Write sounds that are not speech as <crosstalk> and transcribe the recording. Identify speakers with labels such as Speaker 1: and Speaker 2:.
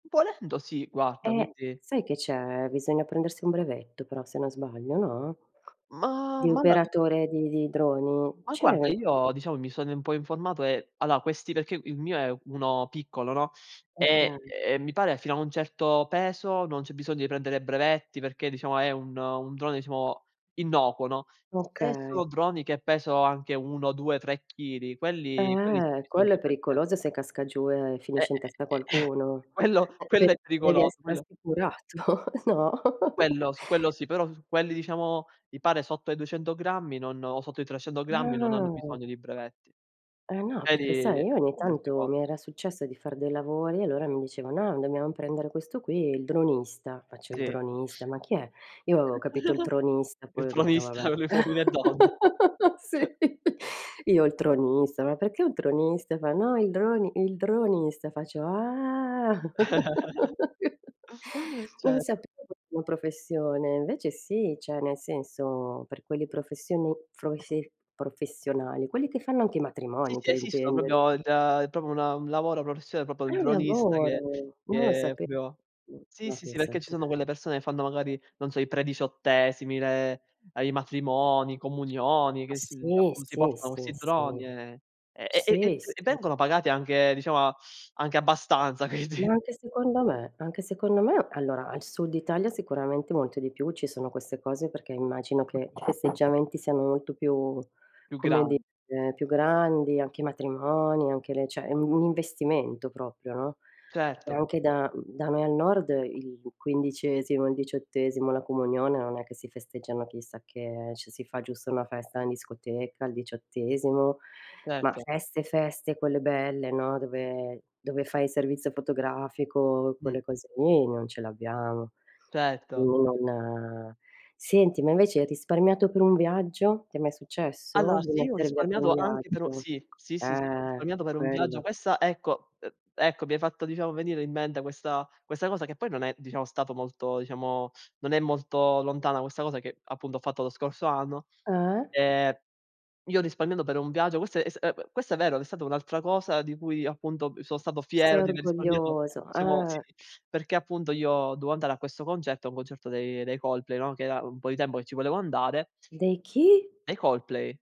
Speaker 1: Volendo sì guarda,
Speaker 2: Eh,
Speaker 1: quindi
Speaker 2: sai che c'è, bisogna prendersi un brevetto però se non sbaglio, no,
Speaker 1: Ma
Speaker 2: di
Speaker 1: ma dai?
Speaker 2: operatore di di droni;
Speaker 1: Ma guarda
Speaker 2: c'è
Speaker 1: io, diciamo, mi sono in po' informato e allora questi perché il mio è uno piccolo, no, e
Speaker 2: Okay.
Speaker 1: ehm, mi pare fino a un certo peso non c'è bisogno di prendere brevetti perché, diciamo, è un un drone diciamo innocuo, no. Se
Speaker 2: Okay.
Speaker 1: sono droni che pesano anche 1, 2, 3 chili quelli quelli sì,
Speaker 2: Eh,
Speaker 1: bisogna
Speaker 2: quello è
Speaker 1: prende
Speaker 2: pericoloso se casca giù e
Speaker 1: E
Speaker 2: finisce in testa a
Speaker 1: eh, <chuckles>
Speaker 2: qualcuno.
Speaker 1: quello
Speaker 2: E pe
Speaker 1: quello è
Speaker 2: devi
Speaker 1: pericoloso,
Speaker 2: essere
Speaker 1: quello
Speaker 2: assicurato, no?
Speaker 1: Quello, su quello
Speaker 2: <chuckles>
Speaker 1: sì. Però s quelli diciamo, mi pare sotto i 200 grammi, non o sotto i 300 grammi non hanno
Speaker 2: Ah.
Speaker 1: bisogno di brevetti,
Speaker 2: Eh no,
Speaker 1: ne
Speaker 2: perché
Speaker 1: di
Speaker 2: sai, io ogni
Speaker 1: di altre
Speaker 2: tanto
Speaker 1: cose.
Speaker 2: mi era successo di far dei lavori e allora mi dicevano: "No dobbiamo prendere questo qui, il dronista". Faccio: "Il
Speaker 1: Sì.
Speaker 2: dronista? Ma chi è?" Io avevo capito il
Speaker 1: <chuckles>
Speaker 2: tronista,
Speaker 1: Il
Speaker 2: poi ho detto
Speaker 1: tronista,
Speaker 2: vabbè,
Speaker 1: quello di Uomini e Donne.
Speaker 2: <laughs> sì.
Speaker 1: <chuckles>
Speaker 2: Io:"Il tronista? Ma perché un tronista?" Fa: "No, il droni il dronista". Faccio: "Ah!"
Speaker 1: <chuckles>
Speaker 2: <laughs> Non
Speaker 1: Certo.
Speaker 2: sapevo fosse professione, invece sì, cioè nel senso, per quelle professioni froise professionali, quelli che fanno anche i
Speaker 1: Sì,
Speaker 2: matrimoni
Speaker 1: sì,
Speaker 2: per
Speaker 1: esistono proprio
Speaker 2: intenderci.
Speaker 1: il da è proprio una un lavoro professione proprio il
Speaker 2: È un
Speaker 1: dronista che
Speaker 2: lavoro! Non lo
Speaker 1: che
Speaker 2: sape
Speaker 1: proprio
Speaker 2: mh,
Speaker 1: sì,
Speaker 2: ma
Speaker 1: sì, sì,
Speaker 2: pensa
Speaker 1: perché ci
Speaker 2: te.
Speaker 1: sono quelle persone e fanno magari, non so, i prediciottesimi, le ehm, i matrimoni, comunioni, che si
Speaker 2: Sì,
Speaker 1: appu si
Speaker 2: sì,
Speaker 1: portano
Speaker 2: sì,
Speaker 1: questi droni
Speaker 2: sì.
Speaker 1: e e e e
Speaker 2: Sì,
Speaker 1: e
Speaker 2: sì.
Speaker 1: vengono pagati anche, diciamo anche abbastanza.
Speaker 2: Ma
Speaker 1: quindi
Speaker 2: anche secondo me. Anche secondo me. Allora al sud Italia sicuramente molto di più: ci sono queste cose perché immagino che i festeggiamenti siano molto più,
Speaker 1: Più
Speaker 2: come
Speaker 1: gran
Speaker 2: dire, più grandi, anche i matrimoni, anche le cioè è un un investimento proprio, no. E
Speaker 1: Certo.
Speaker 2: anche da, mhmm da me al nord il quindicesimo, il diciottesimo, la comunione, non è che si festeggiano chissà che, eh, cioè si fa giusto una festa in discoteca al diciottesimo, ma
Speaker 1: Certo.
Speaker 2: feste feste quelle belle, no, dove dove fai il servizio fotografico,
Speaker 1: Mh.
Speaker 2: quelle cose lì, non ce l'abbiamo.
Speaker 1: Certo.
Speaker 2: Quindi non senti ma invece hai risparmiato per un viaggio? Ti è mai successo
Speaker 1: Allora
Speaker 2: di
Speaker 1: sì, ho
Speaker 2: mettere via per un
Speaker 1: risparmiato anche però
Speaker 2: viaggio?
Speaker 1: sì, sì, sì, sì ho
Speaker 2: Eh,
Speaker 1: risparmiato per un viaggio.
Speaker 2: quello.
Speaker 1: Questa ecco, ehm ecco mi hai fatto, diciamo, venire in mente questa questa cosa che poi non è, diciamo, stato molto, diciamo non è molto lontana questa cosa che appunto ho fatto lo scorso anno.
Speaker 2: Eh.
Speaker 1: Ehm, io ho risparmiato per un viaggio, questo è s ehm, questo è vero, è stata un'altra cosa di cui appunto, ehm, son stato fiero
Speaker 2: Sei
Speaker 1: di aver risparmiato,
Speaker 2: orgoglioso,
Speaker 1: diciamo sì,
Speaker 2: eh.
Speaker 1: perché appunto io dovevo andare a questo concerto, un concerto dei dei Coldplay, no, che era un po' di tempo che ci volevo andare
Speaker 2: Dei chi?
Speaker 1: Dei Coldplay.